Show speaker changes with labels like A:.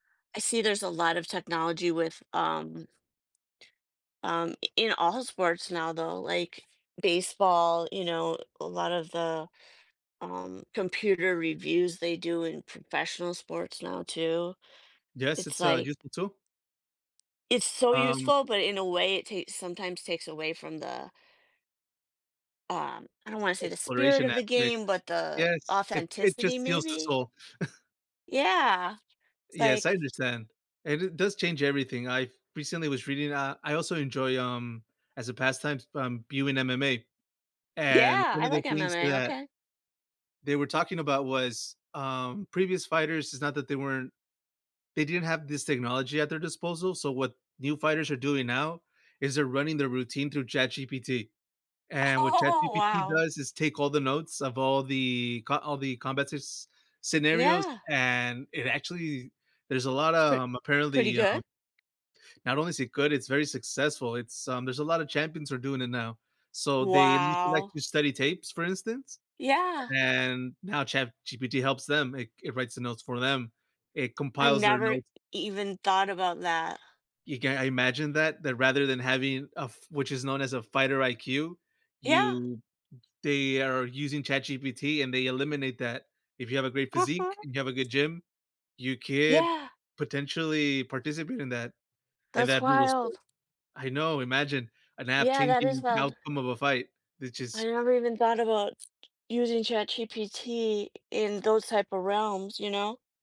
A: I see there's a lot of technology with, um um, i in all sports now, though, like baseball, you know, a lot of the, um, computer reviews they do in professional sports now, too,
B: Yes,
A: it's
B: it's, uh,
A: like
B: useful too.
A: It's so
B: Um
A: useful, but in a way, it takes sometimes takes away from the um, I don't want to say the spirit
B: Exploration
A: of the
B: aspect
A: game, but the
B: Yes, it it
A: authenticity,
B: just heals the
A: maybe?
B: soul.
A: Yeah, it's
B: Yes, I
A: like
B: understand, and it does change everything, I recently was reading uh, I also enjoy, um as a pastime, s um, viewing MMA and,
A: Yeah,
B: one
A: I
B: of the
A: like
B: things
A: MMA,
B: that
A: okay.
B: they were talking about was, um, previous fighters it's not that they weren't they didn't have this technology at their disposal, so what new fighters are doing now is they're running their routine through ChatGPT, and, what
A: Oh,
B: ChatGPT
A: wow.
B: does is take all the notes of all the co all the combat scenarios
A: Yeah.
B: and, it actually there's a lotta,
A: So
B: um,
A: pretty
B: apparently,
A: good?
B: um Not only is it good, it's very successful, it's, um there's a lot of champions who are doing it now, so, they used to like
A: Wow.
B: to study tapes, for instance,
A: Yeah.
B: and now ChatGPT helps them, it c it writes the notes for them. it
A: I
B: compiles their
A: never e
B: notes
A: even thought about that.
B: You can't imagine that that rather than having a f which is known as a fighter IQ,
A: Yeah.
B: you they are using ChatGPT and they eliminate that. If you have a great physique
A: Uh-huh.
B: and you have a good gym, you could
A: Yeah.
B: potentially participate in that in
A: That's
B: that brutal sport
A: wild.
B: I know, imagine an app
A: Yeah, that is
B: changing the
A: wild.
B: outcome of a fight. It
A: I
B: just
A: never even thought about using ChatGPT in those type of realms, you know.